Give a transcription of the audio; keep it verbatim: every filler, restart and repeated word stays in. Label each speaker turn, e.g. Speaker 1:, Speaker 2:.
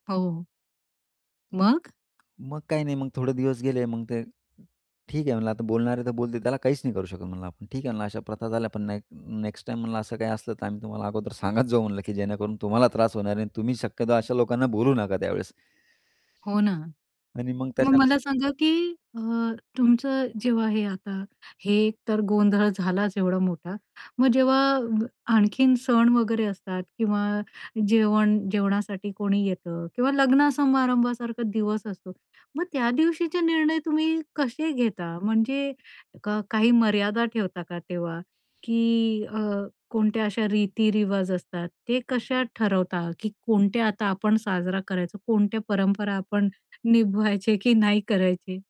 Speaker 1: हो.
Speaker 2: अ,
Speaker 1: मग?
Speaker 2: मग काही नाही. मग थोडे दिवस गेले. मग ते ठीक आहे म्हणलं, आता बोलणारे तर बोलतील. त्याला काहीच नाही करू शकत म्हणलं आपण. ठीक आहे म्हणलं, "अशा प्रथा झाल्या, पण ना नेक्स्ट टाईम," म्हणलं, "असं काही असलं, तर आम्ही तुम्हाला अगोदर" "सांगत जाऊ." म्हणलं, की "जेणेकरून तुम्हाला त्रास होणार आहे आणि तुम्ही शक्यतो अशा लोकांना बोलू नका त्यावेळेस."
Speaker 1: हो ना.
Speaker 2: आणि मग
Speaker 1: मग मला
Speaker 2: त्याच्यानंतर
Speaker 1: सांगा, की अ, तुमचं जेव्हा हे आता हे तर गोंधळ झालाच एवढा मोठा. मग जेव्हा अ, आणखीन सण वगैरे असतात किंवा जेवण जेवणासाठी कोणी येतं किंवा लग्न समारंभासारखा दिवस असतो. मग त्या दिवशीचे निर्णय तुम्ही कसे घेता? म्हणजे क काही मर्यादा ठेवता का तेव्हा? की अ, कोणत्या अशा रीती-रिवाज असतात, ते कशा ठरवता, की कोणत्या आता आपण साजरा करायचा, कोणत्या परंपरा आपण निभायचे की नाही करायचे?